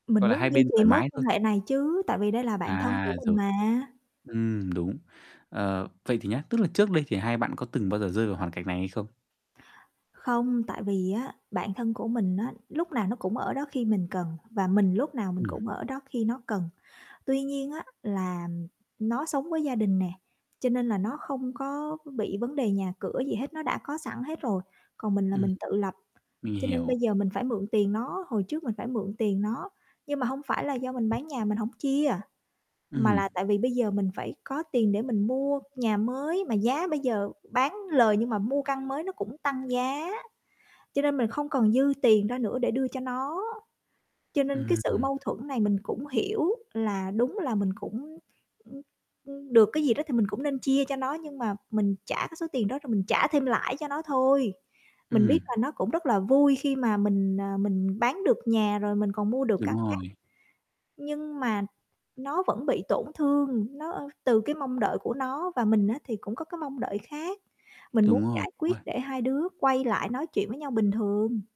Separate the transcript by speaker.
Speaker 1: Mình
Speaker 2: Gọi là, hai
Speaker 1: muốn duy
Speaker 2: bên
Speaker 1: trì
Speaker 2: thoải
Speaker 1: mối
Speaker 2: mái
Speaker 1: quan
Speaker 2: thôi.
Speaker 1: hệ này chứ, tại vì đây là bạn thân của
Speaker 2: À,
Speaker 1: mình
Speaker 2: rồi,
Speaker 1: mà.
Speaker 2: ừm, đúng. Ờ, vậy thì nhá, tức là trước đây thì hai bạn có từng bao giờ rơi vào hoàn cảnh này hay không?
Speaker 1: Không, tại vì á, bạn thân của mình á, lúc nào nó cũng ở đó khi mình cần và mình lúc nào mình
Speaker 2: Ừm.
Speaker 1: cũng ở đó khi nó cần. Tuy nhiên á là nó sống với gia đình nè, cho nên là nó không có bị vấn đề nhà cửa gì hết, nó đã có sẵn hết rồi, còn mình là
Speaker 2: Ừm,
Speaker 1: mình tự lập,
Speaker 2: mình
Speaker 1: cho nên bây
Speaker 2: hiểu.
Speaker 1: giờ mình phải mượn tiền nó. Hồi trước mình phải mượn tiền nó, nhưng mà hông phải là do mình bán nhà mình hổng chia, mà
Speaker 2: Ừm.
Speaker 1: là tại vì bây giờ mình phải có tiền để mình mua nhà mới, mà giá bây giờ bán lời nhưng mà mua căn mới nó cũng tăng giá, cho nên mình không còn dư tiền ra nữa để đưa cho nó. Cho nên cái sự
Speaker 2: Ừm.
Speaker 1: mâu thuẫn này mình cũng hiểu là đúng là mình cũng, ưm, ưm, được cái gì đó thì mình cũng nên chia cho nó, nhưng mà mình trả cái số tiền đó rồi mình trả thêm lãi cho nó thôi. Mình biết
Speaker 2: Ừm.
Speaker 1: là nó cũng rất là vui khi mà mình, à, mình bán được nhà rồi, mình còn mua được căn
Speaker 2: Đúng
Speaker 1: khác,
Speaker 2: rồi.
Speaker 1: nhưng mà nó vẫn bị tổn thương, nó, ơ từ cái mong đợi của nó và mình á thì cũng có cái mong đợi khác. Mình muốn
Speaker 2: Đúng rồi,
Speaker 1: giải
Speaker 2: đúng
Speaker 1: quyết để
Speaker 2: rồi.
Speaker 1: hai đứa quay lại nói chuyện với nhau bình thường.